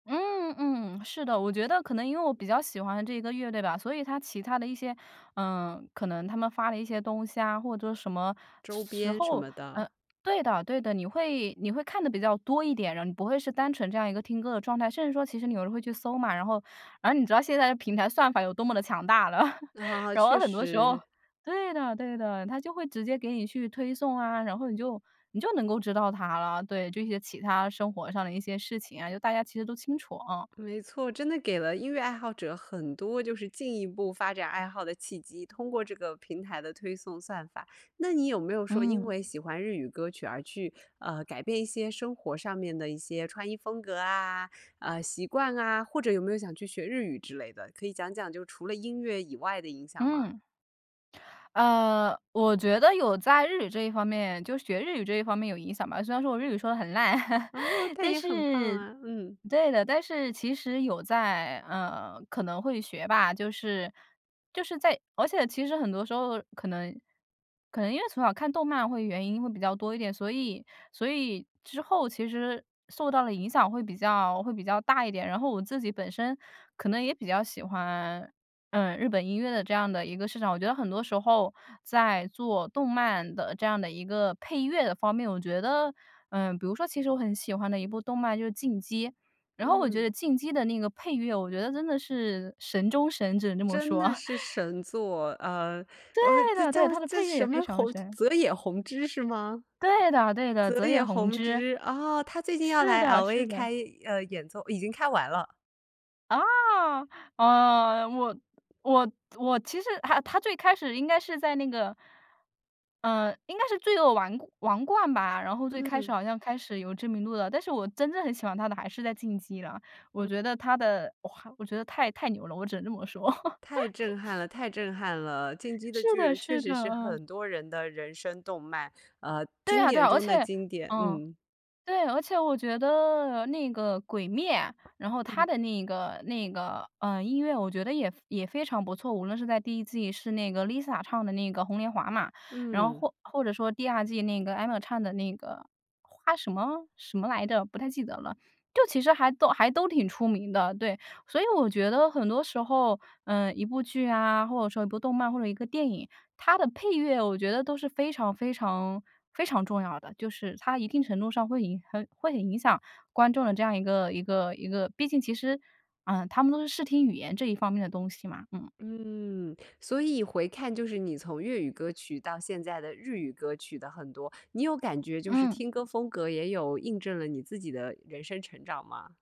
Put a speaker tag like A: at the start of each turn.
A: 嗯嗯，是的，我觉得可能因为我比较喜欢这个乐队吧，所以它其他的一些呃，可能他们发的一些东西啊，或者什么时
B: 周
A: 时
B: 边什
A: 候。
B: 么
A: 嗯。
B: 的。
A: 对的对的，你会你会看得比较多一点，然后你不会是单纯这样一个听歌的状态，甚至说其实你可能会去搜嘛。然后然后你知道现在的平台算法有多么地强大了。
B: 啊，
A: 然后
B: 确
A: 很多时候
B: 实。
A: 对的对的，它就会直接给你去推送啊，然后你就你就能够知道他了，对，这些其他生活上的一些事情啊，就大家其实都清楚，啊。
B: 没错，真的给了音乐爱好者很多就是进一步发展爱好的契机，通过这个平台的推送算法。那你有没有说因
A: 嗯。
B: 为喜欢日语歌曲而去，呃，改变一些生活上面的一些穿衣风格啊，呃，习惯啊，或者有没有想去学日语之类的？可以讲讲就除了音乐以外的影响吗？
A: 嗯。呃，我觉得有在日语这一方面就学日语这一方面有影响吧，虽然说我日语说得很烂，
B: 哦，它
A: 但
B: 也很棒
A: 是
B: 啊，嗯。
A: 对的，但是其实有在嗯，可能会学吧。就是就是在而且其实很多时候可能可能因为从小看动漫会原因会比较多一点，所以所以之后其实受到的影响会比较会比较大一点。然后我自己本身可能也比较喜欢，嗯，日本音乐的这样的一个市场。我觉得很多时候在做动漫的这样的一个配乐的方面，我觉得，嗯比如说其实我很喜欢的一部动漫就《进击》，然后我觉
B: 嗯。
A: 得《进击》的那个配乐，我觉得真的是神中神只能这么
B: 真
A: 说。
B: 的 是神作，呃，
A: 对
B: 哇这
A: 的对，
B: 叫
A: 它的
B: 叫
A: 配乐
B: 什
A: 也非
B: 么
A: 常
B: 弘
A: 神。
B: 泽野弘之是吗？
A: 对的对的，
B: 泽
A: 泽野
B: 野
A: 弘
B: 弘
A: 之。
B: 之，哦，他最近要
A: 是
B: 来
A: 的是
B: LA
A: 的。
B: 开，呃，演奏已经开完了。
A: 啊，呃，我我我其实他他最开始应该是在那个嗯，应该是罪恶王王冠吧，然后最开始
B: 嗯。
A: 好像开始有知名度了，但是我真正很喜欢他的还是在《进击》了，我
B: 嗯。
A: 觉得他的哇，我觉得太太牛了，我只能这么说。
B: 太震撼 了太震撼了！《进击的
A: 是
B: 巨
A: 的
B: 人》确
A: 是
B: 实
A: 的，
B: 是
A: 嗯。
B: 很多人的人生动漫，啊，
A: 对
B: 经
A: 啊对
B: 典
A: 啊，而
B: 中
A: 且
B: 的经典，
A: 嗯，
B: 嗯。
A: 对，而且我觉得那个《鬼灭》，然后它
B: 嗯。
A: 的那个那个，嗯，音乐我觉得也也非常不错，无论是在第1季是那个 Lisa 唱的那个《红莲华》嘛，然后
B: 嗯。
A: 或或者说第2季那个 Emma 唱的那个花什么什么来着？不太记得了。就其实还都还都挺出名的，对，所以我觉得很多时候，嗯，一部剧啊，或者说一部动漫或者一个电影，它的配乐，我觉得都是非常非常非常重要的。就是它一定程度上会影很会很影响观众的这样一个一个一个毕竟其实，嗯，他们都是视听语言这一方面的东西嘛，嗯。
B: 嗯，所以回看就是你从粤语歌曲到现在的日语歌曲的很多，你有感觉就是
A: 嗯。
B: 听歌风格也有印证了你自己的人生成长吗？